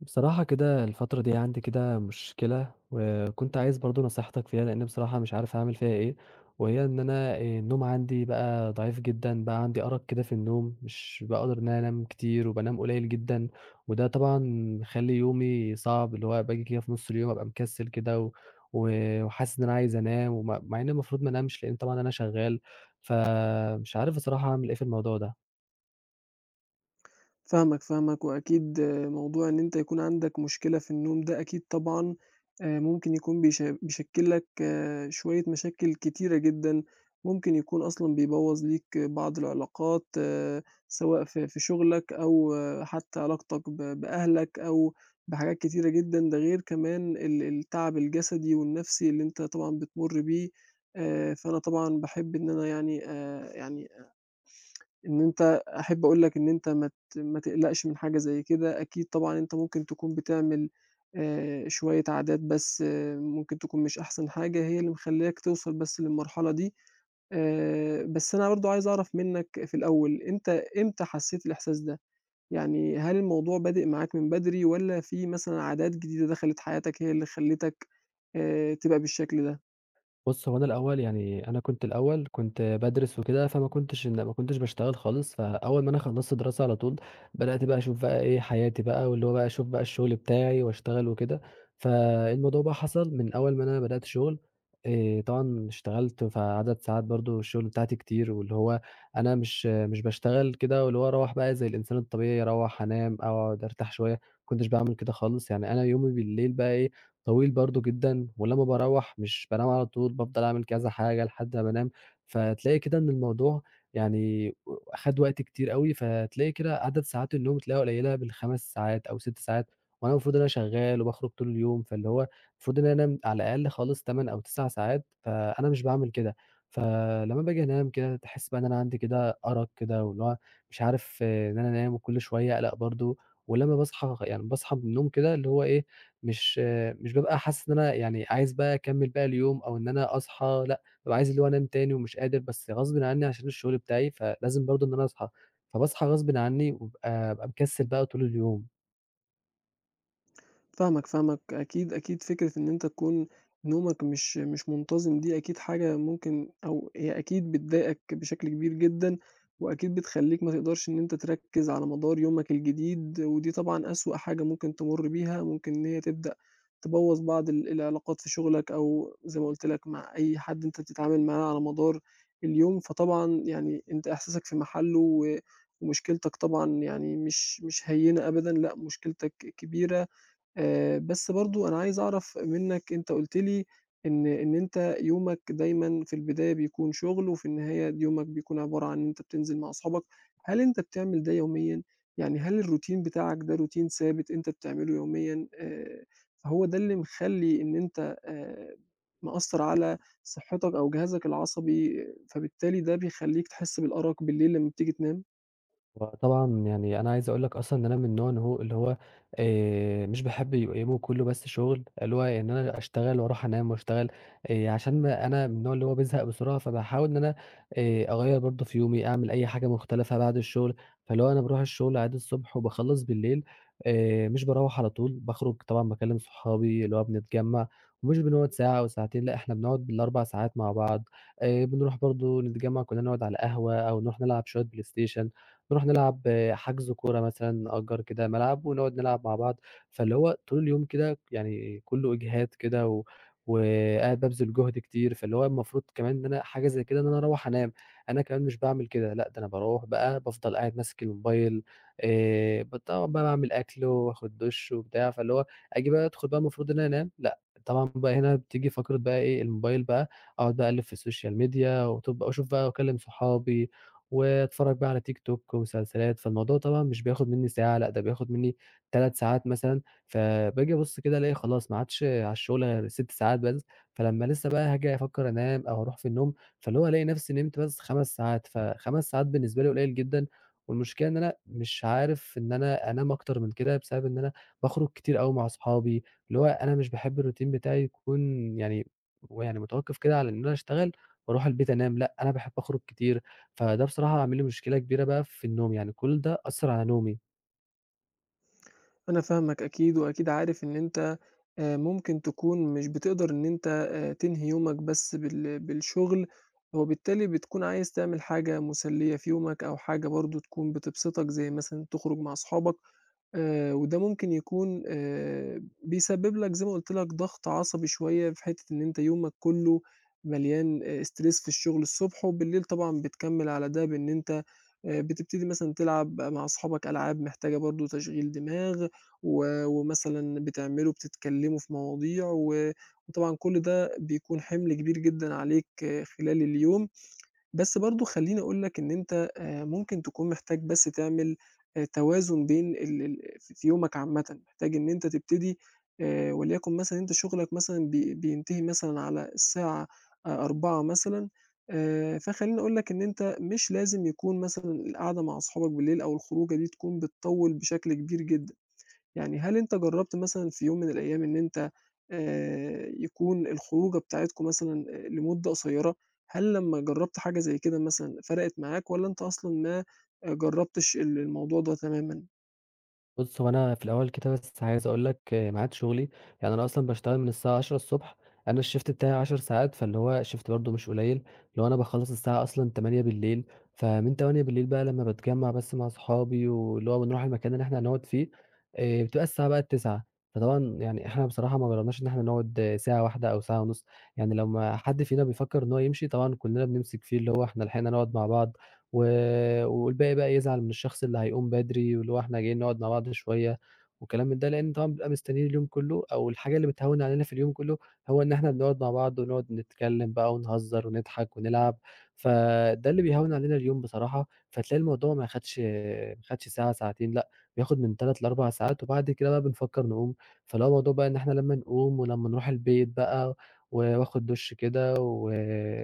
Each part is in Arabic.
بصراحة كده الفترة دي عندي كده مشكلة، وكنت عايز برضه نصيحتك فيها، لإني بصراحة مش عارف أعمل فيها ايه، وهي إن أنا آآ النوم عندي بقى ضعيف جدًا بقى عندي أرق كده في النوم مش باقدر أنام كتير وبانام قليّل جدًا، وده طبعًا مخلّي يومي صعب اللي هو باجي كده في نُص اليوم أبقى مكسّل كده، و و وحاسس إن أنا عايز أنام، وم مع إني المفروض ما أنامش لإن طبعًا أنا شغّال ف مش عارف بصراحة أعمل ايه في الموضوع ده. فاهمك، فاهمك، وأكيد موضوع إن أنت يكون عندك مشكلة في النوم ده أكيد طبعًا آآ، ممكن يكون بيش بيشكّل لك شوية مشاكل كتيرة جدًا، ممكن يكون أصلًا بيبوّظ ليك بعض العلاقات، سواء في في شُغلك أو حتى علاقتك ب بأهلك أو بحاجات كتيرة جدًا، ده غير كمان ال التعب الجسدي والنَفْسي اللي أنت طبعًا بتمرّ بيه آآ، فأنا طبعًا باحب إن أنا يعني آآ، يعني آآ إن أنت أحب أقول لك إن أنت ما ت ما تقلقش من حاجة زَيّ كده، أكيد طبعًا أنت ممكن تكون بتعمل آآ، شوية عادات بَس ممكن تكون مش أحسن حاجة، هي اللي مخلّياك توصل بَس للمرحلة دي آآ، بَس أنا برضه عايز أعرف منّك في الأول، أنت إمتى حسّيت الإحساس ده، يعني هل الموضوع بادئ معاك من بدري، والّا في مثلًا عادات جديدة دخلت حياتك هي اللي خلّيتك آآ، تبقى بالشكل ده؟ بُص، هو أنا الأول يعني، أنا كنت الأول كنت بادرس وكده، فما كنتش إن باشتغل خالص فأول ما أنا خلصت دراسة، على طول بدأت بقى أشوف بقى إيه حياتي بقى، واللي هو بقى أشوف بقى الشغل بتاعي، واشتغل وكده، فالموضوع بقى حصل من أول ما أنا بدأت شغل آآ طبعًا اشتغلت، فعدد ساعات برضه الشغل بتاعتي كتير، واللي هو أنا مش مش باشتغل كده واللي هو أروّح بقى زي الإنسان الطبيعي، أروّح أنام أقعد أرتاح شوية، ما كنتش بعمل كده خالص يعني أنا يومي بالليل بقي إيه طويل برضه جدًا، ولمّا باروّح مش بانام على طول، بافضل أعمل كذا حاجة لحد ما بانام، فتلاقي كده إن الموضوع يعني خَد وقت كتير أوي، فتلاقي كده عدد ساعات النوم تلاقيها قليلة، من بال5 ساعات أو 6 ساعات، وأنا المفروض إن أنا شغال وباخرج طول اليوم، فاللي هو المفروض إن أنام على الأقل خالص 8 أو 9 ساعات فأنا مش باعمل كده فلمّا باجي أنام كده، تحس بقى إن أنا عندي كده أرق كده، واللي هو مش عارف إن أنا أنام، وكل شوية أقلق برضه ولمّا باصحى يعني باصحى من النوم كده، اللي هو إيه، مش، مش بابقى حاسس إن أنا يعني عايز بقى أكمل باقي اليوم أو إن أنا أصحى لأ، بابقى عايز اللي هو أنام تاني، ومش قادر بس غصبٍ عني عشان الشغل بتاعي، فلازم برضه إن أنا أصحى فباصحى غصبٍ عني، وأبقى بابقى مكسل بقى طول اليوم. فاهمك، فاهمك، أكيد، أكيد فكرة إن أنت تكون نومك مش مش منتظِم دي أكيد حاجة ممكن أو هي أكيد بتضايقك بشكل كبير جدًا، وأكيد بتخلّيك ما تقدرش إن أنت تركِّز على مدار يومك الجديد، ودي طبعًا أسوأ حاجة ممكن تمُرّ بيها ممكن إن هي تبدأ تبوّظ بعض ال العلاقات في شغلك، أو زي ما قُلت لك مع أي حد أنت بتتعامل معاه على مدار اليوم، فطبعًا يعني أنت إحساسك في محلُّه و ومشكلتك طبعًا يعني مش مش هيّنة أبدًا، لأ مشكلتك كبيرة، آآ، بس برضه أنا عايز أعرف منك أنت قُلت لي إن إن أنت يومك دايمًا في البداية بيكون شغل وفي النهاية يومك بيكون عبارة عن إن أنت بتنزل مع أصحابك، هل أنت بتعمل ده يوميًا؟ يعني هل الروتين بتاعك ده روتين ثابت أنت بتعملُه يوميًا آآ، فهو ده اللي مخلّي إن أنت آآ، مأثّر على صحّتك أو جهازك العصبي، فبالتالي ده بيخلّيك تحس بالأَرَق بالليل لمّا بتيجي تنام؟ هو طبعًا يعني أنا عايز أقول لك أصلًا إن أنا من النوع إن هو اللي هو آآ، مش باحب يبقى يومُه كلّه بس شغل اللي هو إن أنا أشتغل وأرُوح أنام وأشتغل آآ، عشان أنا من النوع اللي هو بيزهق بسرعة فباحاول إن أنا آآ، أغيّر برضه في يومي، أعمل أي حاجة مختلفة بعد الشغل، فاللي هو أنا بارُوح الشغل عادي الصبح، وباخلّص بالليل آآ، مش باروّح على طول، باخرُج طبعًا باكلّم صحابي اللي هو بنتجمّع ومش بنقعد ساعة أو ساعتين لأ، إحنا بنقعد بال4 ساعات مع بعض آآ، بنرُوح برضه نتجمّع كلّنا نقعد على القهوة أو نرُوح نلعب شوية play station نرُوح نلعب حجز كورة مثلًا، نأجّر كده ملعب، ونقعد نلعب مع بعض، فاللي هو طول اليوم كده يعني كلّه إجهاد كده و وقاعد بابذل جُهد كتير فاللي هو المفروض كمان إن أنا حاجة زي كده إن أنا أروّح أنام، أنا كمان مش باعمل كده لأ ده أنا باروّح بقى بافضل قاعد ماسك الموبايل آآ، ب طبعًا بقى باعمل أكل وآخد دُشّ وبتاع، فاللي هو آجي بقى أدخل بقى المفروض إن أنام لأ، طبعًا بقى هنا بتيجي فقرة بقى إيه الموبايل بقى أقعد بقى أقلِّب في السوشيال ميديا واتوب وأشوف بقى وأكلّم صحابي وأتفرّج بقى على تيك توك ومسلسلات، فالموضوع طبعًا مش بياخد مني ساعة لأ ده بياخد مني 3 ساعات مثلًا، فباجي أبُصّ كده ألاقي خلاص ما عادش على الشغل غير 6 ساعات بس، فلمّا لسه بقى هاجي أفكّر أنام أو هارُوح في النوم، فاللي هو ألاقي نفسي نِمت بس 5 ساعات ف 5 ساعات بالنسبة لي قليل جدًا، والمشكلة إن أنا مش عارف إن أنا أنام أكتر من كده، بسبب إن أنا باخرج كتير أوي مع أصحابي، اللي هو أنا مش باحب الروتين بتاعي يكون يعني هو يعني متوقِّف كده على إن أنا أشتغل وأرُوح البيت أنام، لأ، أنا باحب أخرج كتير، فده بصراحة عامل لي مشكلة كبيرة بقى في النوم، يعني كُلّ ده أثّر على نومي. أنا فاهمك أكيد وأكيد عارف إن أنت آآ ممكن تكون مش بتقدر إن أنت آآ تنهي يومك بس بال بالشغل، وبالتالي بتكون عايز تعمل حاجة مسليّة في يومك أو حاجة برضه تكون بتبسطك زي مثلًا تخرُج مع صحابك، آآ وده ممكن يكون آآ بيسبب لك زي ما قُلت لك ضغط عصبي شوية في حتّة إن أنت يومك كلّه مليان آآ استرِس في الشغل الصبح وبالليل طبعًا بتكمّل على ده بإن أنت آآ بتبتدي مثلًا تلعب مع صحابك ألعاب محتاجة برضه تشغيل دماغ و ومثلًا بتعملوا بتتكلموا في مواضيع و وطبعًا كل ده بيكون حِمل كبير جدًا عليك خلال اليوم، بس برضه خلّيني أقول لك إن أنت آآ ممكن تكون محتاج بس تعمل آآ توازن بين ال ال في في يومك عامةً، محتاج إن أنت تبتدي آآ وليكن مثلًا أنت شُغلك مثلًا بي بينتهي مثلًا على الساعة أ 16:00 مثلًا آآ فخلّيني أقول لك إن أنت مش لازم يكون مثلًا القعدة مع صحابك بالليل أو الخروجة دي تكون بتطوّل بشكل كبير جدًا. يعني هل أنت جرّبت مثلًا في يوم من الأيام إن أنت آآ يكون الخروجة بتاعتكم مثلًا آآ لمدة قصيرة؟ هل لمّا جرّبت حاجة زي كده مثلًا فرَقِت معاك والّا أنت أصلًا ما جرّبتش ال الموضوع ده تمامًا؟ بُصّ، هو أنا في الأول كده بس عايز أقول لك معاد شُغلي، يعني أنا أصلًا باشتغل من الساعة 10:00 ص أنا الshift بتاعي 10 ساعات، فاللي هو shift برضه مش قليل، اللي هو أنا باخلص الساعة أصلًا 20:00، فمن 20:00 بقى لمّا باتجمع بس مع أصحابي، واللي هو بنروح المكان اللي إحنا هنقعد فيه، آآ بتبقى الساعة بقِت 21:00، فطبعًا يعني إحنا بصراحة ما جرّبناش إن إحنا نقعد ساعة واحدة أو ساعة ونص، يعني لما حد فينا بيفكر إن هو يمشي، طبعًا كلنا بنمسك فيه، اللي هو إحنا لحقنا نقعد مع بعض، و والباقي بقى يزعل من الشخص اللي هيقوم بدري، واللي هو إحنا جايين نقعد مع بعض شوية والكلام ده، لأن طبعًا بنبقى مستنين اليوم كله، أو الحاجة اللي بتهوّن علينا في اليوم كله، هو إن إحنا بنقعد مع بعض، ونقعد نتكلم بقى ونهزر ونضحك ونلعب، فده اللي بيهوّن علينا اليوم بصراحة، فتلاقي الموضوع ما خدش ما خدش ساعة ساعتين، لأ، بياخد من 3 ل4 ساعات، وبعد كده بنفكر نقوم، فاللي هو بقى الموضوع بقى إن إحنا لمّا نقوم، ولمّا نروح البيت بقى، و وآخد دُش كده، و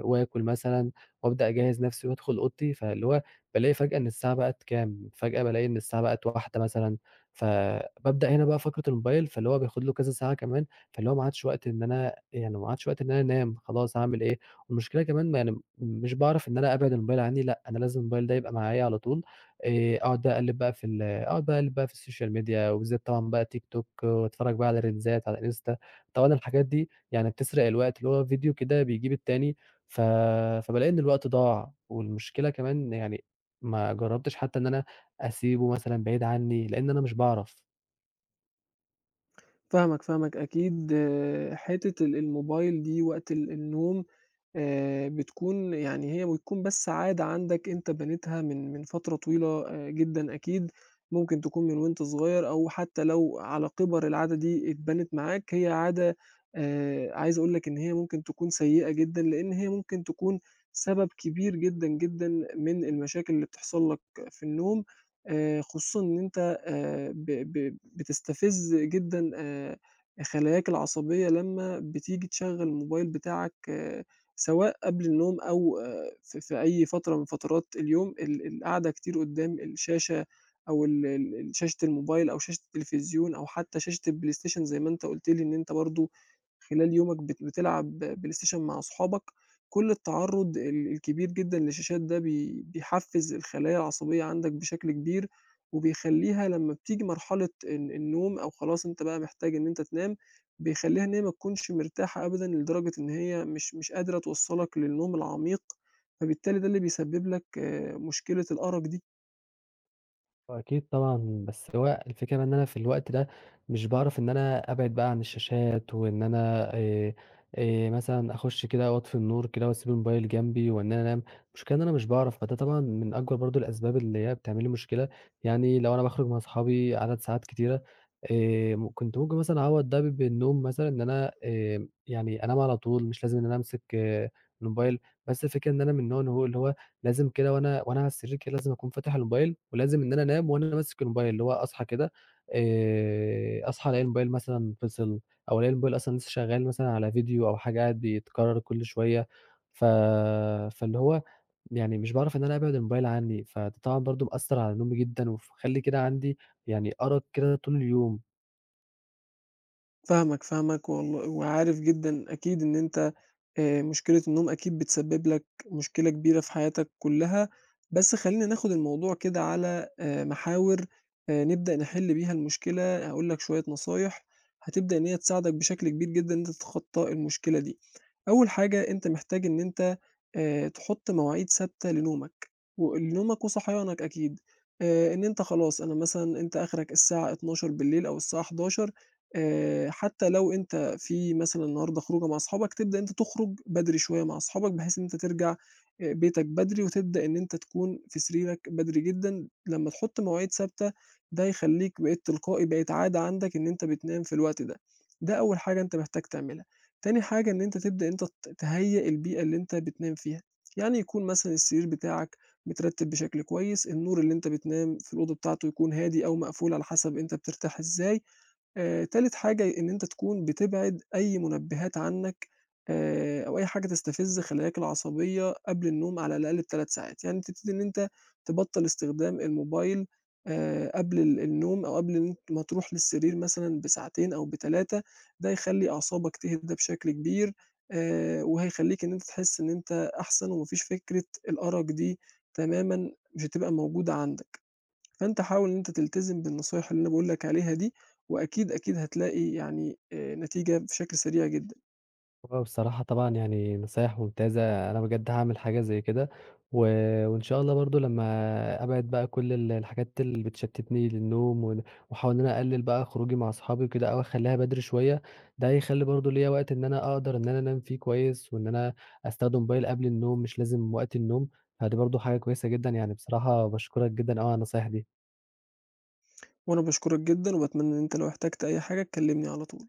وآكل مثلًا، وأبدأ أجهّز نفسي وأدخل أوضتي، فاللي هو بالاقي فجأة إن الساعة بقِت كام، فجأة بالاقي إن الساعة بقِت 01:00 مثلًا، فبابدأ هنا بقى فقرة الموبايل، فاللي هو بياخد له كذا ساعة كمان، فاللي هو ما عادش وقت إن أنا يعني ما عادش وقت إن أنا أنام خلاص، هاعمل إيه، والمشكلة كمان يعني، مش باعرف إن أنا أبعِد الموبايل عندي، لأ، أنا لازم الموبايل ده يبقى معايا على طول، آآ أقعد بقى أقلِّب بقى في ال أقعد أقلِّب بقى في السوشيال ميديا، وبالذات طبعًا بقى تيك توك، وأتفرج بقى على ريلزات على الإنستا، طبعًا الحاجات دي يعني بتسرق الوقت، اللي هو فيديو كده بيجيب التاني، ف فبالاقي إن الوقت ضاع، والمشكلة كمان يعني، ما جربتش حتى إن أنا أسيبه مثلًا بعيد عني، لإن أنا مش باعرف. فاهمك، فاهمك أكيد حتّة ال الموبايل دي وقت ال النوم، آآ، بتكون يعني هي بتكون بس عادة عندك أنت بنيتها من من فترة طويلة آآ جدًا أكيد، ممكن تكون من وأنت صغير، أو حتّى لو على كِبَر العادة دي اتبَنِت معاك هي عادة آآ، عايز أقول لك إن هي ممكن تكون سيئة جدًا، لأن هي ممكن تكون، سبب كبير جدًا، جدًا من المشاكل اللي بتحصل لك في النوم، آآ، خصوصًا إن أنت آآ، ب ب بتستفز جدًا آآ، خلاياك العصبية لمّا بتيجي تشغّل الموبايل بتاعك آآ، سواء قبل النوم أو آآ في في أي فترة من فترات اليوم ال القعدة كتير قُدّام الشاشة، أو ال ال ال شاشة الموبايل أو شاشة التلفزيون، أو حتّى شاشة الPlayStation زي ما أنت قُلت لي إن أنت برضه خلال يومك بت بتلعب PlayStation مع أصحابك، كُلّ التعرُّض ال الكبير جدًا للشاشات ده، بي بيحفّز الخلايا العصبية عندك بشكل كبير، وبيخليها لمّا بتيجي مرحلة ال النوم أو خلاص أنت بقى محتاج إن أنت تنام، بيخلّيها إن هي ما تكونش مرتاحة أبدًا لدرجة إن هي مش مش قادرة توصَّلك للنوم العميق، فبالتالي ده اللي بيسبِّب لك آآ، مشكلة الأَرَق دي. هو أكيد طبعًا، بَس اللي هو الفكرة إن أنا في الوقت ده مش باعرف إن أنا أبعد بقى عن الشاشات وإن أنا آآ آآ، مثلًا أخُش كده وأطفي النور كده وأسيب الموبيل جنبي وإن أنا أنام، المشكلة إن أنا مش باعرف فده طبعًا من أكبر برضه الأسباب اللي هي بتعمل لي مشكلة يعني لو أنا باخرج من أصحابي عدد ساعات كتيرة آمم، كنت ممكن مثلًا أعوّض ب بالنوم مثلًا إن أنا آمم، يعني أنام على طول مش لازم إن أنا أمسك الموبيل بَس الفكرة إن أنا من النوع إن هو اللي هو لازم كده وأنا وأنا على السرير كده لازم أكون فاتح الموبيل ولازم إن أنا أنام وأنا ماسك الموبيل اللي هو أصحى كده آآ، أصحى ألاقي الموبيل مثلًا فِصل أو ألاقي الموبيل أصلًا لسه شغّال مثلًا على video أو حاجة قاعد بيتكرّر كُل شوية، ف فاللي هو يعني مش باعرف إن أنا أبعِد الموبيل عنّي فده طبعًا برضه مأثّر على نومي جدًا وف مخلّي كده عندي يعني أرق كده طول اليوم. فاهمك، فاهمك، والل وعارف جدًا أكيد إن أنت آآ، مشكلة النوم أكيد بتسبّب لك مشكلة كبيرة في حياتك كلّها، بَس خلّينا ناخُد الموضوع كده على آآ، محاور آآ، نبدأ نِحلّ بيها المشكلة هاقول لك شوية نصايح هتبدأ إن هي تساعدك بشكل كبير جدًا إن أنت تتخطى المشكلة دي، أول حاجة أنت محتاج إن أنت آآ، تحُط مواعيد ثابتة لنومك و آآ، لنومك وصحيانك أكيد آآ، إن أنت خلاص أنا مثلًا أنت أخرك الساعة 00:00 أو الساعة 23:00 آآ، حتى لو أنت في مثلًا النهارده خروجة مع أصحابك تبدأ إن أنت تخرج بدري شوية مع أصحابك بحيث إن أنت ترجع آآ، بيتك بدري وتبدأ إن أنت تكون في سريرك بدري جدًا، لمّا تحُط مواعيد ثابتة ده هيخلّيك بقيت تلقائي بقت عادة عندك إن أنت بتنام في الوقت ده، ده أول حاجة أنت محتاج تعملها، تاني حاجة إن أنت تبدأ إن أنت ت تهيأ البيئة اللي أنت بتنام فيها، يعني يكون مثلًا السرير بتاعك مترتب بشكل كويس، النور اللي أنت بتنام في الأوضة بتاعته يكون هادي أو مقفول على حَسب أنت بترتاح إزاي آآ، تالت حاجة ي إن أنت تكون بتبعد أي منبهات عنّك آآ، أو أي حاجة تستفز خلاياك العصبية قبل النوم على الأقل ب3 ساعات يعني تبتدي إن أنت تبطّل استخدام الموبيل آآ، قبل ال النوم أو قبل إن أ ما تروح للسرير مثلًا بساعتين أو ب3 ده هيخلّي أعصابك تهدى بشكل كبير آآ، وهيخلّيك إن أنت تحسّ إن أنت أحسن وما فيش فكرة الأرق دي تمامًا مش هتبقى موجودة عندك، فأنت حاول إن أنت تلتزم بالنصايح اللي أنا باقول لك عليها دي وأكيد، أكيد هتلاقي يعني آآ نتيجة بشكل سريع جدًا. هو بصراحة طبعًا يعني نصايح ممتازة، أنا بجد هاعمل حاجة زَيّ كده، و وإن شاء الله برضه لمّا أبعد بقى كُل ال الحاجات اللي بتشتّتني للنوم ون وأحاول إن أنا أقلّل بقى خروجي مع أصحابي وكده أو أخلّيها بدري شوية، ده هيخلّي برضه ليّا وقت إن أنا أقدر إن أنا أنام فيه كويس وإن أنا أستخدم الموبيل قبل النوم مش لازم وقت النوم، [unintelligible] برضه حاجة كويسة جدًا، يعني بصراحة باشكرك جدًا أوي على النصايح دي. وأنا باشكرك جدًا، وباتمنى إن أنت لو احتجت أي حاجة تكلّمني على طول.